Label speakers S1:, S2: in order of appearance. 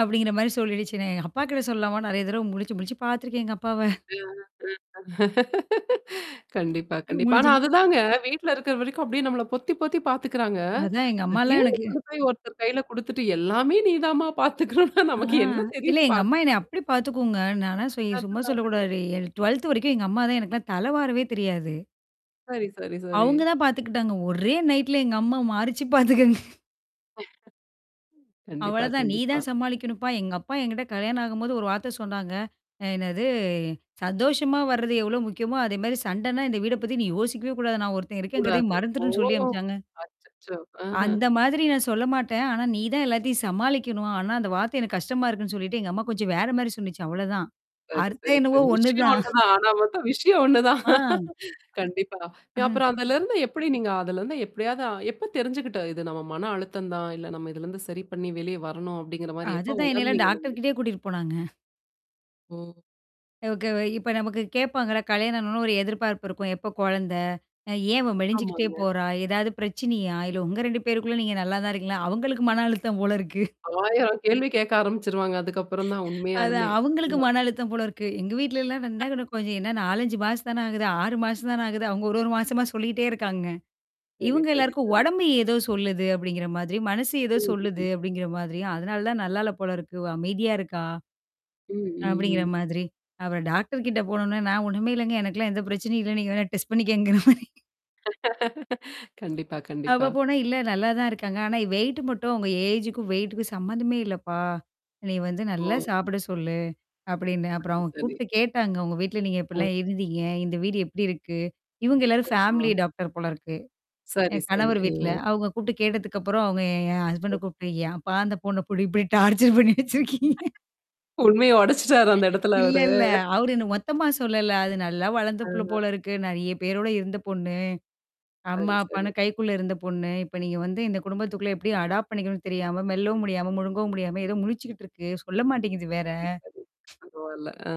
S1: அப்படிங்கிற மாரி சொல்லிடுச்சு. நான் எங்க அப்பாக்கிட்ட சொல்லலாமா நெறைய தடவ முழிச்சு, முழிச்சு பார்த்துருக்கேன் எங்க அப்பாவ.
S2: அ அ கண்டிப்பா, கண்டிப்பா. ஆனா
S1: முழிச்சும்
S2: அதுதாங்க வீட்ல இருக்கிற வரைக்கும் அப்படியே நம்மள பொத்தி பொத்தி பார்த்துக்கறாங்க.
S1: அதான், எங்க அம்மாலாம்
S2: திடீர்னு
S1: எனக்கு
S2: கொண்டு போய் ஒருத்தர் கையில குடுத்துட்டு, எல்லாமே நீதாம்மா பார்த்துக்கணும்னா,
S1: ஆ.
S2: நமக்கு என்ன
S1: இல்ல
S2: தெரியும்?
S1: எங்க அம்மா
S2: பார்த்துக்க.
S1: என்ன அப்படி பார்த்துக்குங்க. நான்லாம் சொ சும்மா
S2: [unintelligible]
S1: சொல்லக்கூடாது. என் 12த் வரைக்கும் எங்க அம்மா தான் எனக்குல்லாம் தல வாறவே தெரியாது.
S2: சரி, சரி, சரி.
S1: அவங்க தான் பார்த்துக்கிட்டாங்க. ஒரே நைட்ல எங்க அம்மா மாருச்சு பார்த்துக்கங்க.
S2: கண்டிப்பா,
S1: அவ்வளோதான், நீ
S2: கண்டிப்பா.
S1: தான் சமாளிக்கணுப்பா. எங்க அப்பா என்கிட்ட கல்யாணம் ஆகும்போது ஒரு வார்த்த சொன்னாங்க. அ என்னது? சந்தோஷமா வர்றது எவ்வளோ முக்கியமோ, அதே மாரி சண்டன்னா இந்த வீட பத்தி நீ யோசிக்கவே கூடாது. நான் ஒருத்தன் இருக்கங்கிறதயே
S2: கூடாது. ஓ.
S1: மறந்துருன்னு சொல்லி அனுப்பச்சாங்க.
S2: அச்சச்சோ. ஆஹா.
S1: அந்த மாதிரி நான் சொல்ல மாட்டேன். ஆனா, நீ தான் எல்லாத்தையும் சமாளிக்கணும். ஆனா, அந்த வார்த்தை எனக்கு கஷ்டமா இருக்குன்னு சொல்லிட்டு, எங்க அம்மா கொஞ்சம் வேற மாரி சொன்னுச்சு, அவ்வளோதான்.
S2: சரி,
S1: அர்த்தம்
S2: சரி,
S1: என்னவோ
S2: சரி. விஷயம்
S1: ஒண்ணுதான்!
S2: ஒண்ணுதான். ஆனா மட்டும் விஷயம் ஒண்ணுதான்.
S1: ஆ.
S2: கண்டிப்பா.
S1: அஹ்ம்.
S2: அப்புறம் அதலருந்து எப்படி நீங்க அதலருந்து எப்படியாவது எப்ப தெரிஞ்சுக்கிட்ட இது நம்ம மன அழுத்தம் தான், இல்ல நம்ம இதிலருந்து சரி பண்ணி வெளியே வரணும், அப்படிங்கிற மாரி எப்ப
S1: அதுதான், என்னையெல்லாம்
S2: உணர்ந்தீங்க நீங்க?
S1: டாக்டர்கிட்டயே கூட்டிட்டு போனாங்க.
S2: ம்.
S1: ஓகே. இப்ப நமக்கு கேப்பாங்கள்ல, கல்யாணம் ஆனவொன்னே ஒரு எதிர்பார்ப்பு இருக்கும். எப்போ கொழந்த? ஏன் அவ மெலிஞ்சுக்கிட்டே
S2: ஆமாங்க.
S1: போறா? ஏதாவது பிரச்சனையா? இல்ல உங்க 2 பேருக்குள்ள நீங்க நல்லா தான் இருக்கீங்களா? அவங்களுக்கு மன அழுத்தம் போல இருக்கு!
S2: 1000 கேள்வி கேட்க ஆரம்பிச்சுருவாங்க அதுக்கப்புறம் தான்,
S1: அதான்,
S2: உண்மையாலுமே.
S1: அவங்களுக்கு
S2: ஆமா.
S1: மன அழுத்தம் போல இருக்கு. எங்க வீட்லலாம் நான் என்னனா கொஞ்சம் என்னா 4, 5 மாசம் தானே ஆகுது. 6 மாசம் தான ஆகுது. அவுங்க ஒரு 1 மாசமா சொல்லிட்டே இருக்காங்க.
S2: சரி,
S1: இவங்க
S2: சரி,
S1: எல்லாருக்கும்
S2: சரி.
S1: உடம்பு ஏதோ சொல்லுது அப்படிங்கிற மாதிரி, மனசு ஏதோ சொல்லுது
S2: ம்ஹ்ம்.
S1: அப்படிங்கிற மாதிரி. அதனால தான் நல்லால்ல போல இருக்கு அமைதியா இருக்கா,
S2: ம், ம்,
S1: அப்படிங்கிற
S2: ம்.
S1: மாதிரி. அப்புறம் டாக்டர் கிட்ட போனோனே நான் ஒண்ணுமே இல்லங்க. எனக்கெல்லாம் எந்த பிரச்சனையும் இல்ல. நீங்க வேணா டெஸ்ட் பண்ணிக்கங்கங்கற மாரி.
S2: கண்டிப்பா,
S1: அவ
S2: கண்டிப்பா.
S1: போனா "இல்ல நல்லா தான் இருக்காங்க. ஆனா வெயிட் மட்டும் அவுங்க ஏஜ்க்கும், வெயிட்டுக்கும் சம்மந்தமே இல்லப்பா. நீ வந்து நல்லா
S2: ஓ.
S1: சாப்பிட சொல்லு." அப்டின்னு. அப்புறம்
S2: சரி.
S1: அவங்க
S2: சரி.
S1: கூப்ட்டு கேட்டாங்க. உங்க வீட்ல நீங்க
S2: அ
S1: எப்டிலாம் இருந்தீங்க? இந்த வீடு எப்படி இருக்கு? இவங்க எல்லாரும்
S2: ஓ.
S1: ஃபேமிலி டாக்டர் போல இருக்கு.
S2: சரி,
S1: என்
S2: சரி.
S1: கணவர் வீட்ல.
S2: அ.
S1: அவுங்க கூப்ட்டு கேட்டதுக்கப்புறம், அவுங்க என் ஹஸ்பண்ட் கூப்ட்டு "ஏம்ப்பா அந்த பொண்ண போட்டு இப்படி டார்ச்சர் பண்ணி வச்சிருக்கீங்க."
S2: உண்மைய உடைச்சுட்டாரு அந்த இடத்துல
S1: இல்ல
S2: அவரு.
S1: இல்ல. அவரு என்ன மொத்தமா சொல்லல. அது நல்லா வளர்ந்த புள்ள
S2: ஆ.
S1: போல இருக்கு. நெறைய பேரோட இருந்த பொண்ணு. அம்மா,
S2: சரி, சரி.
S1: அப்பான்னு கைக்குள்ள இருந்த பொண்ணு. இப்ப நீங்க வந்து இந்த குடும்பத்துக்குள்ள எப்டி அடாப்ட் பண்ணிக்கணும்னு தெரியாம, மெல்லவும் முடியாம, முழுங்கவும் முடியாம ஏதோ முழிச்சுக்கிட்டு இருக்கு. சொல்ல மாட்டேங்குது வேற.
S2: சரி, சரி. பரவால்ல. ஆ.